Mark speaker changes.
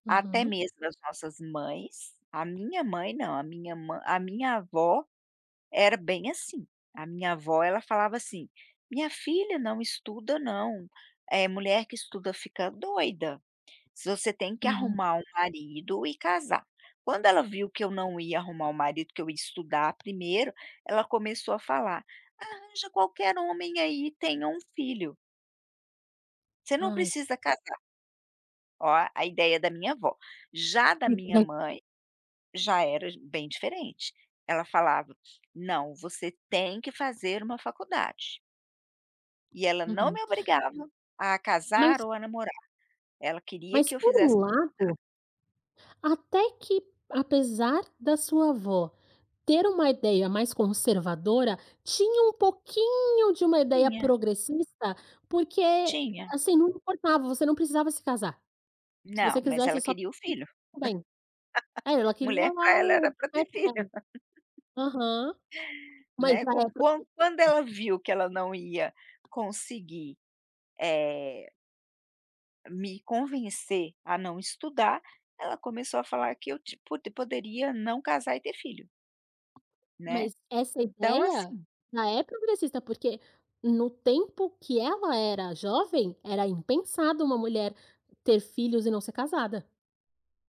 Speaker 1: Até
Speaker 2: Uhum.
Speaker 1: mesmo as nossas mães. A minha mãe, não, a minha mãe a minha avó era bem assim. A minha avó, ela falava assim: "Minha filha, não estuda não. Eh, mulher que estuda fica doida. Se você tem que
Speaker 2: Uhum.
Speaker 1: arrumar um marido e casar". Quando ela viu que eu não ia arrumar um marido, que eu ia estudar primeiro, ela começou a falar: "Arranja qualquer homem aí e tenha um filho" "você não
Speaker 2: Ai.
Speaker 1: precisa casar". Ó, a ideia da minha avó. Já da minha
Speaker 2: [unintelligible]
Speaker 1: mãe, já era j bem diferente. Ela falava: "Não, você tem que fazer uma faculdade". E ela não
Speaker 2: Uhum.
Speaker 1: me obrigava a casar
Speaker 2: Mas
Speaker 1: ou a namorar. Ela queria que
Speaker 2: Mas
Speaker 1: eu
Speaker 2: por
Speaker 1: fizesse
Speaker 2: um
Speaker 1: faculdade.
Speaker 2: lado até que, apesar da sua avó ter uma ideia mais conservadora, tinha um pouquinho de uma ideia
Speaker 1: Tinha.
Speaker 2: progressista, porque,
Speaker 1: Tinha.
Speaker 2: assim, não importava, você não precisava se casar. Se
Speaker 1: Não,
Speaker 2: você
Speaker 1: mas
Speaker 2: quisesse
Speaker 1: ela
Speaker 2: só [unintelligible]
Speaker 1: queria o
Speaker 2: tudo
Speaker 1: filho.
Speaker 2: bem. É, ela queria
Speaker 1: Mulher, pra
Speaker 2: lá
Speaker 1: ela, era
Speaker 2: o.
Speaker 1: para ter filho.
Speaker 2: [unintelligible] Aham, uma
Speaker 1: Né? Com
Speaker 2: ideia progressista.
Speaker 1: qua quando ela viu que ela não ia conseguir, eh me convencer a não estudar, ela começou a falar que eu, tipo, poderia não casar e ter filho. Né?
Speaker 2: Mas essa
Speaker 1: Então
Speaker 2: ideia
Speaker 1: assim
Speaker 2: ja é progressista, porque, no tempo que ela era jovem, era impensado uma mulher ter filhos e não ser casada.